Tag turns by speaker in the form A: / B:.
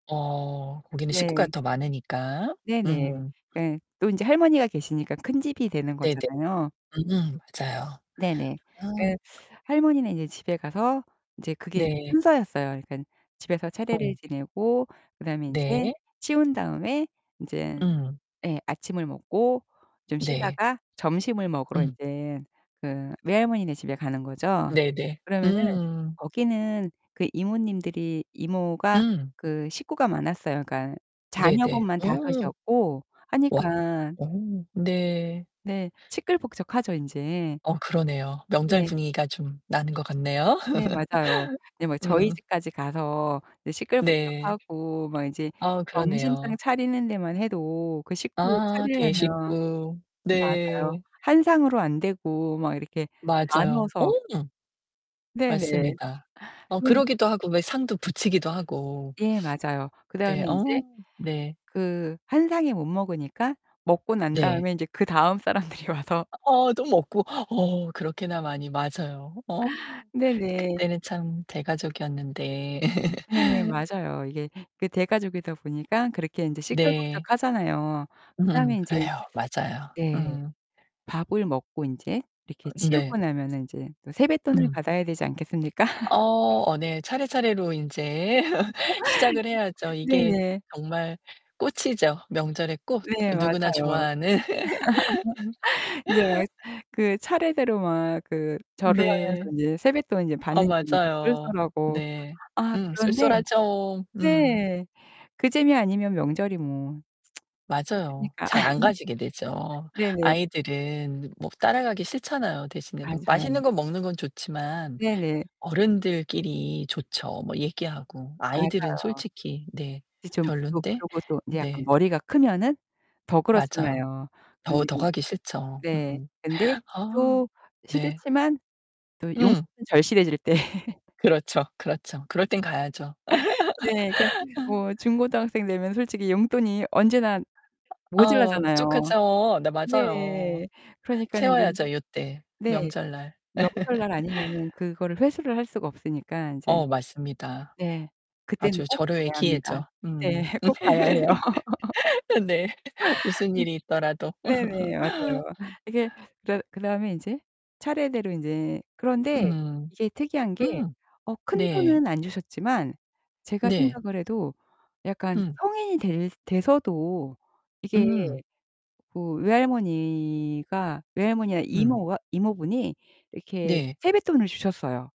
A: 어. 거기는 식구가
B: 네.
A: 더 많으니까.
B: 네네.
A: 음.
B: 그 또 인제 할머니가 계시니까 큰 집이 되는
A: 네네.
B: 거잖아요.
A: 음 맞아요.
B: 네네.
A: 아.
B: 그 할머니는 인제 집에 가서 이제 그게
A: 네.
B: 순서였어요. 그러니까 집에서 차례를
A: 어.
B: 지내고 그다음에 인제
A: 네.
B: 치운 다음에 인제
A: 음.
B: 예 아침을 먹고 좀
A: 네.
B: 쉬다가 점심을 먹으러
A: 음.
B: 인제 그 외할머니네 집에 가는 거죠.
A: 네네.
B: 그러면은
A: 음.
B: 거기는 그 이모님들이 이모가
A: 음.
B: 그 식구가 많았어요. 그니까
A: 네네.
B: 자녀분만 5
A: 오.
B: 이었고
A: 와.
B: 하니까
A: 어 네.
B: 네 시끌벅적하죠 인제.
A: 어 그러네요. 명절
B: 네.
A: 분위기가 좀 나는 것 같네요.
B: 네. 맞아요. 네 뭐 저희
A: 음.
B: 집까지 가서
A: 네.
B: 시끌벅적하고 막 이제
A: 아
B: 점심상
A: 그러네요.
B: 차리는 데만 해도 그 식구
A: 아
B: 차리려면
A: 대식구.
B: 맞아요.
A: 네.
B: 한 상으로 안되고 막 이렇게
A: 맞아요. 어.
B: 나눠서. 네네.
A: 맞습니다. 어
B: 그런데
A: 그러기도 하고 왜 상도 붙이기도 하고.
B: 예 맞아요.
A: 네.
B: 그다음에
A: 어
B: 인제
A: 네.
B: 그 한 상에 못 먹으니까 먹고 난
A: 네.
B: 다음에 인제 그 다음 사람들이 와서
A: 어 또 먹고. 어 그렇게나 많이 맞아요. 어.
B: 네 네.
A: 그때는 참 대가족이었는데.
B: 네. 맞아요. 이게 그 대가족이다 보니까 그렇게 인제
A: 네.
B: 시끌벅적하잖아요.
A: 음
B: 그다음에 인제
A: 그래요. 맞아요.
B: 네.
A: 음.
B: 밥을 먹고 인제 이렇게
A: 네.
B: 치우고 나면은 인제 또 세뱃돈을
A: 음.
B: 받아야 되지 않겠습니까?
A: 어. 어 네. 차례차례로 인제 시작을 해야죠. 이게
B: 네네.
A: 정말 꽃이죠. 명절의 꽃.
B: 네
A: 누구나
B: 맞아요.
A: 좋아하는.
B: 인제 막 그 차례대로 막 그 절을 하면서
A: 네.
B: 인제 세뱃돈을 인제
A: 아
B: 받는 재미가
A: 맞아요.
B: 쏠쏠하고.
A: 네.
B: 아
A: 음
B: 그런데
A: 쏠쏠하죠. 음.
B: 네. 그 재미 아니면 명절이 뭐
A: 맞아요.
B: 있겠습니까.
A: 잘 안 가지게 되죠.
B: 네네.
A: 아이들은 뭐 따라가기 싫잖아요. 대신에 그 맛있는
B: 맞아요.
A: 거 먹는 건 좋지만
B: 네네.
A: 어른들끼리 좋죠, 뭐 얘기하고.
B: 맞아요.
A: 아이들은 솔직히 네.
B: 이제 좀 또
A: 별로인데.
B: 그러고 또 이제 약간
A: 네.
B: 머리가 크면은 더
A: 맞아요.
B: 그렇잖아요.
A: 더
B: 그런데
A: 더
B: 이제
A: 가기 싫죠.
B: 네.
A: 음.
B: 근데
A: 아
B: 또
A: 네.
B: 싫지만 또 용돈은
A: 음.
B: 절실해질 때.
A: 그렇죠. 그렇죠. 그럴 땐 가야죠.
B: 네. 그니까 뭐 중고등학생 되면 솔직히 용돈이 언제나
A: 아 아
B: 모자라잖아요.
A: 부족하죠. 네 맞아요.
B: 네. 그러니까는 인제
A: 채워야죠 요 때.
B: 네.
A: 명절날.
B: 명절날 아니면은 그거를 회수를 할 수가 없으니까 인제
A: 어 맞습니다.
B: 네. 그때는
A: 아주
B: 꼭
A: 절호의
B: 가야 합니다.
A: 기회죠. 음.
B: 네 꼭 가야 해요.
A: 아 네. 무슨 일이 있더라도.
B: 네네. 맞아요. 이렇게 그러 그다음에 인제 차례대로 인제 그런데
A: 음.
B: 이게 특이한 게
A: 음.
B: 어
A: 네.
B: 큰돈은 안 주셨지만 제가
A: 네.
B: 생각을 해도 약간
A: 음.
B: 성인이 될 돼서도 이게
A: 음.
B: 그 외할머니가 외할머니나
A: 음.
B: 이모가 이모분이 이렇게
A: 네.
B: 세뱃돈을 주셨어요.